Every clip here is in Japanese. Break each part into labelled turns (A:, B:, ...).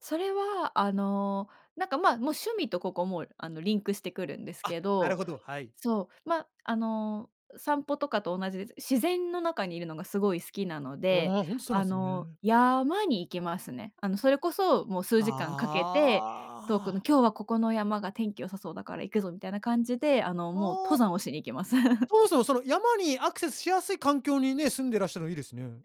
A: それは、あの、なんか、ま、もう趣味とここも、あの、リンクしてくるんです
B: あ、
A: け
B: なる
A: ど
B: ほど、はい。
A: そう、ま、あの、散歩とかと同じです。自然の中に居るのがすごい好きなので、
B: ああ、ほんとそうな
A: あ
B: んす
A: の、
B: ね。
A: 山に行きますね。あの、それこそ、もう数時間かけて、遠
B: あ
A: くの
B: あ。
A: 「今日はここの山が天気良さそうだから行くぞ」みたいな感じで、あの、もう
B: ああ。
A: 登山をしに行きます。
B: そもそも、その山にアクセスしやすい環境にね、住んでらっしゃるのいいですね。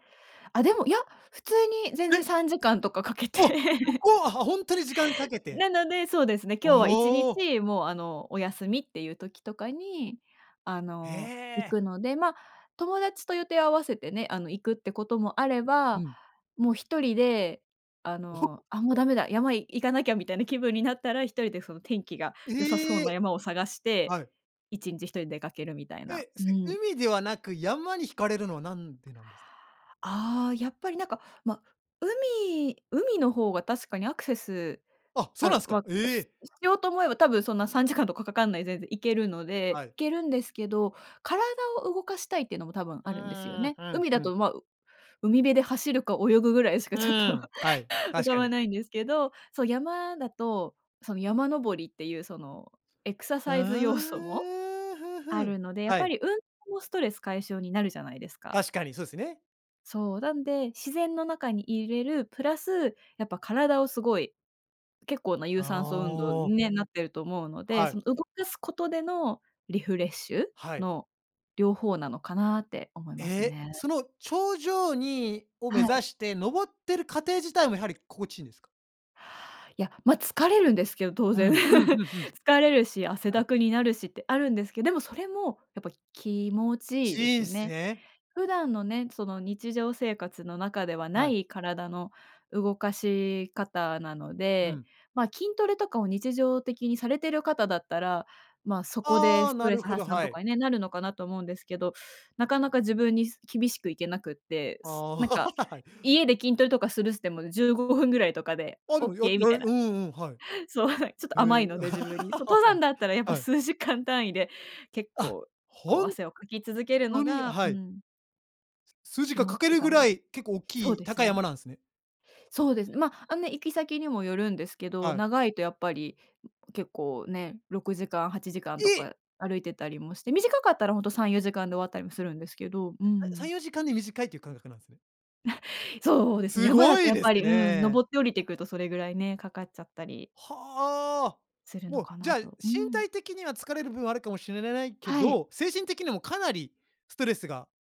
A: あ、でも、いや、普通に全然
B: え？
A: 3時間とかかけて。
B: お、そ こは、あ、ほんとに時間かけて。
A: なので、そうですね、今日はいちに
B: おお。
A: ち、もう、あの、お休みっていう時とかに、あ
B: へ
A: の、行
B: え。
A: くので、ま、友達と予定を合わせてね、あの、行くってこともあれ
B: う
A: ば、
B: ん。
A: もう1人で、あ
B: おほ。
A: の、「あ、もうダ
B: [unintelligible]
A: メだ、山い行かなきゃ」みたいな気分になったら、1人でその天気が良さそう
B: え
A: な
B: え。
A: 山を探して、
B: はい。
A: 1日1人出かけるみたいな。
B: え、
A: う
B: す
A: ん。
B: 海ではなく、山に惹かれるのはなんでなんですか？
A: ああ、やっぱり、なんか、ま、海海の方が確かにアクセス
B: あ、そう
A: あ、
B: なんすか。
A: ま、
B: え
A: す
B: え。
A: しようと思えば多分そんな3時間とかかかんないでで行けるので
B: は
A: 行
B: い。
A: けるんですけど、体を動かしたいっていうのも多分
B: う
A: あるんですよ
B: ーん、
A: ね。
B: うん、
A: 海
B: ふ
A: だ
B: ん。
A: と、ま、海辺で走るか泳ぐぐらいしか
B: う
A: ちょっと
B: ーん、はい、
A: 浮
B: 確
A: か
B: か
A: ば
B: に。
A: ないんですけど、そう、山だと、その山登りっていうそのエクサ
B: ふ
A: サイズ要素も
B: ーん、ふん
A: あ
B: ふん、
A: るので、やっ
B: は
A: ぱ
B: い。
A: り運動もストレス解消になるじゃないですか。
B: 確かにそうすね。
A: そう、なんで、自然の中に居れるプラス、やっぱ体をすごい、結構な有
B: あ
A: 酸素運動
B: あ。
A: にね、なってると思うので、
B: はい。
A: その動かすことでのリフレッシュ
B: はい。
A: の両方なのかなって思い
B: え
A: ます
B: え、
A: ね。
B: その頂上にを目
A: は
B: 指
A: い。
B: して登ってる過程自体もやはり心地いいんですか？
A: いや、ま、疲れるんですけど、当
B: う
A: 然。
B: ん、うんう んうん。
A: 疲れるし、汗
B: あ
A: だ
B: い。
A: くになるしってあるんですけでもそれも、やっぱ気持ちいいで
B: 人
A: すね。
B: 生。
A: 普段のね、その日常生活の中ではな
B: はい。
A: い体の動かし方なの
B: う
A: で、
B: ん。
A: ま、筋トレとかを日常的にされてる方だったら、ま、そこで
B: ああ、
A: スト
B: な
A: レ
B: る
A: ス
B: ほど、
A: 発散
B: は
A: とか
B: い。
A: にね、なるのかなと思うんですけど、なかなか自分にす厳しくいけなくって、
B: ああ、
A: す なんか
B: はい。
A: 家で筋トレとかするすてもね、15分ぐらいとかで
B: あ、で
A: オッ
B: もやや
A: ケーみた
B: れ
A: いな。
B: うんうん、はい。
A: そう、はい、ちょっと
B: へ
A: 甘
B: え。
A: いので自分に。そ、登山だったら、や っぱ
B: はい。
A: 数時間単位で、結
B: あ、
A: 構、こう、
B: ほん
A: 汗をかき続けるの
B: とにうに、あ、
A: がう
B: はい。
A: ん。
B: 数字
A: 気
B: が
A: 持
B: 書
A: ち
B: け
A: いい
B: る
A: か
B: ぐ
A: もで
B: ら
A: す。
B: い、結構おっ
A: そう
B: きい、
A: です
B: 高い山
A: ね。
B: なんですね。
A: そうですね、ま、あんね、行き先にもよるんですけど、
B: はい。
A: 長いとやっぱり、ん、結構ね、6時間、8時間と
B: え。
A: か歩いてたりもして、短かったらほんと3、4時間で終わったりもするんですけど、うー
B: [unintelligible] さん
A: ん。
B: よじかんで短いという感覚なんすね。
A: そうですね、
B: す
A: 山だ
B: ご
A: と
B: い
A: やっ
B: で
A: ぱ
B: す
A: り、うん、
B: ね。
A: 登って降りてくるとそれぐらいね、かかっちゃったり
B: はあ、
A: するの
B: もう、
A: か
B: じゃ
A: な
B: あ、身
A: と。うん。
B: 体的には疲れる部分はあるかもしれないけ
A: はい。
B: ど、精神的にもかなりストレスが